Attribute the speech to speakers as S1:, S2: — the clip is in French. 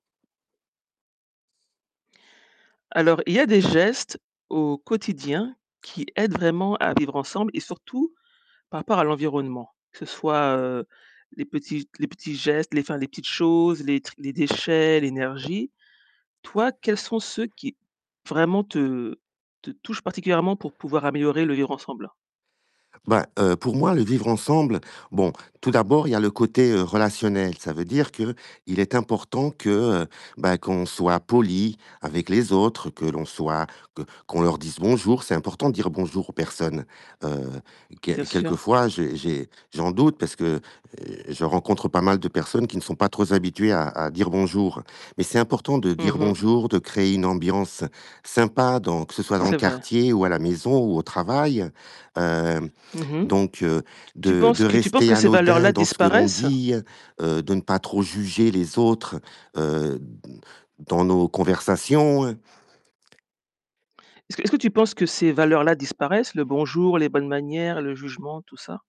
S1: Alors, il y a des gestes au quotidien qui aident vraiment à vivre ensemble et surtout par rapport à l'environnement, que ce soit, heu, les petits les petits gestes, enfin, les petites choses, les les déchets, l'énergie. Toi, quels sont ceux qui vraiment te te touchent particulièrement pour pouvoir améliorer le vivre ensemble?
S2: Ben, heu, pour moi, le vivre ensemble, bon, tout d'abord, il y le côté, heu, relationnel. Ça veut dire qu'il est important que, heu, ben, qu'on soit poli avec les autres, que l'on soit, que qu'on leur dise bonjour, c'est important de dire: «Bonjour» aux personnes, heu,
S1: Bien
S2: quel
S1: sûr.
S2: quelquefois, j'ai j'ai j'en doute parce que, heu, je rencontre pas mal de personnes qui ne sont pas trop z habituées à à dire: «Bonjour». Mais c'est important de dire
S1: Mmh mh.
S2: bonjour, de créer une ambiance sympa dans que ce soit dans le
S1: C'est vrai.
S2: quartier ou à la maison ou au travail, hem,
S1: Mmh mh.
S2: donc
S1: Tu tu
S2: de
S1: penses
S2: de
S1: que tu penses
S2: rester
S1: que ces
S2: anodin
S1: valeurs-là
S2: dans ce que l'on
S1: disparaissent?
S2: dit, heu, de ne pas trop juger les autres, heu, d dans nos conversations.
S1: Est-ce que, est-ce que tu penses que ces valeurs-là disparaissent, le bonjour, les bonnes manières, le jugement, tout ça?